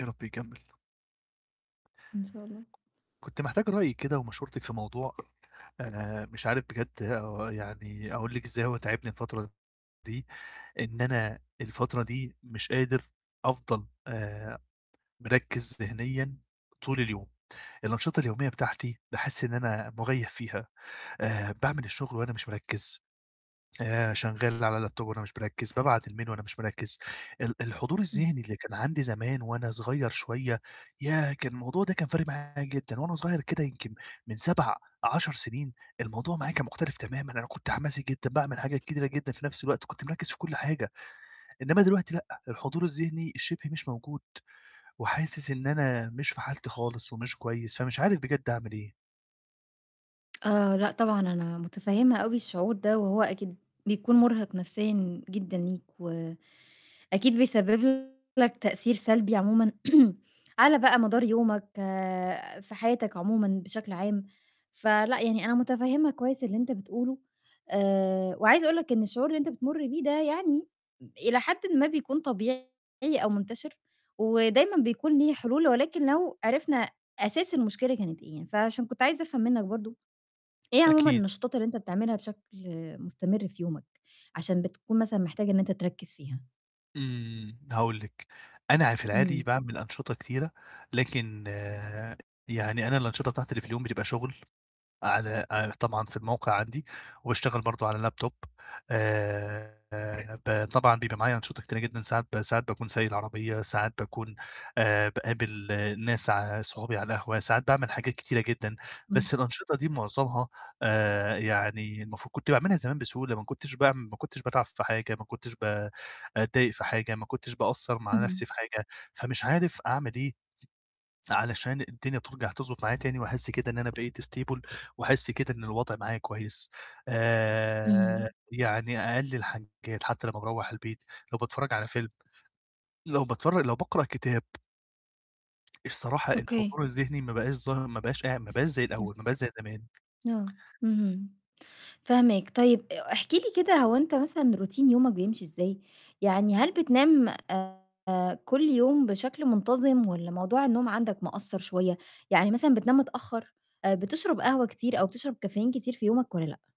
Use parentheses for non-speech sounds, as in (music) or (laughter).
يا رب يكمّل. إن شاء الله. كنت محتاج رأيِِك كده ومشورتِك في موضوع آآ مش عارف بجد يعني أقول لِك إزاي هو تاعبني الفترة دي إن أنا الفترة دي مش قادر أفضل آآ مركّز ذِهنيًا طول اليوم. الأنشطة اليوميّة بتاعتي باحس إن أنا مُغيّب فيها، آآ باعمل الشُغل وأنا مش مركّز، ف شغّال على لاب توب وأنا مش مركّز، بابعت الmail وأنا مش مركّز. ال الحضور (clears throat) الذِهني اللي كان عندي زمان وأنا صغيّر شوية، ياه! كان الموضوع ده كان فارق معايا جدًا، وأنا صغيّر كده يمكن من 7، 10 سِنين الموضوع معايا كان مُختلف تمامًا أنا كنت حماسي جدًا، باعمل حاجات كتيرة جدًا في نَفْس الوقت كنت مركّز في كل حاجة، إنّما دلوقتي لأ، الحضور الذِهني شِبه مش موجود وحاسس إن أنا مش في حالتي خالص ومش كويس فمش عارف بجد أعمل إيه. (tsk) آآ، لأ، طبعًا أنا مُتفهّمة أوي الشعور ده وهو أكيد بيكون مُرهِق نَفْسيًا جدًا ليك و أكيد بيسبب لك تأثير سلبي عمومًا (clears throat) على بقى مدار يومك، في حياتك عمومًا بشكل عام. فلأ، يعني أنا مُتفهّمة كويس اللي أنت بتقوله، آآ وعايزة أقول لك إن الشعور اللي أنت بتمُر بيه ده يعني إلى حدٍ ما بيكون طبيعي أو منتَشر ودايمًا بيكون ليه حِلول ولكن لو عرفنا أساس المشكلة كانت إيه. فعشان كنت عايزة أفهم منِك برضه، إيه عمومًا أكيد. النشاطات اللي أنت بتعملها بشكل مُستمر في يومَك عشان بتكون مثلًا محتاج إن أنت تركّز فيها؟ إمم، هاقول لِك، أنا عا في العادي امم. باعمل أنشِطة كتيرة، لكن يعني أنا الأنشِطة بتاعتي اللي في اليوم بتبقى شُغل على ع طبعًا في الموقع عندي وباشتغل برضه على لاب توب آآ ب طبعًا بيبقى معايا أنشِطة كتيرة جدًا ساعات ب ساعات باكون سايق العربية، ساعات باكون آآ باقابل الناس ع صحابي على القهوة، ساعات باعمل حاجات كتيرة جدًا، إمم. بس الأنشِطة دي مُعظمها آآ يعني المفروض كنت باعملها زمان بسهولة ما كُنتش باعم ما كُنتش باتعَب في حاجة، ما كُنتش ب أتضايق في حاجة، ما كنتش باقصّر مع اهم. نَفْسي في حاجة، فمش عارف أعمل إيه علشان الدنيا ترجَع تضبُط معايا تاني وأحس كده إن أنا بقيت stable وأحس كده إن الوضع معايا كويس. آآ إمم. يعني أقل الحاجات حتى لمّا باروّح البيت لو باتفرّج على فيلم، لو باتفرّج لو باقرأ كتاب الصراحة أوكي. الحضور الذِهني ما بقاش ظاهر، ما بقاش قاع ما بقاش زي الأول، (clears throat) ما بقاش زي زمان. آه. اهم. فاهماك. طيب أ احكِ لي كده هو أنت مثلًا روتين يومَك بيمشي إزاي، يعني هل بتنام آآ كل يوم بشكل منتَظم والّا موضوع النوم عندك مأثّر شوية؟ يعني مثلًا بتنام متأخّر آآ بتشرب قهوة كتير أو بتشرب كافيين كتير في يومك والّا لأ؟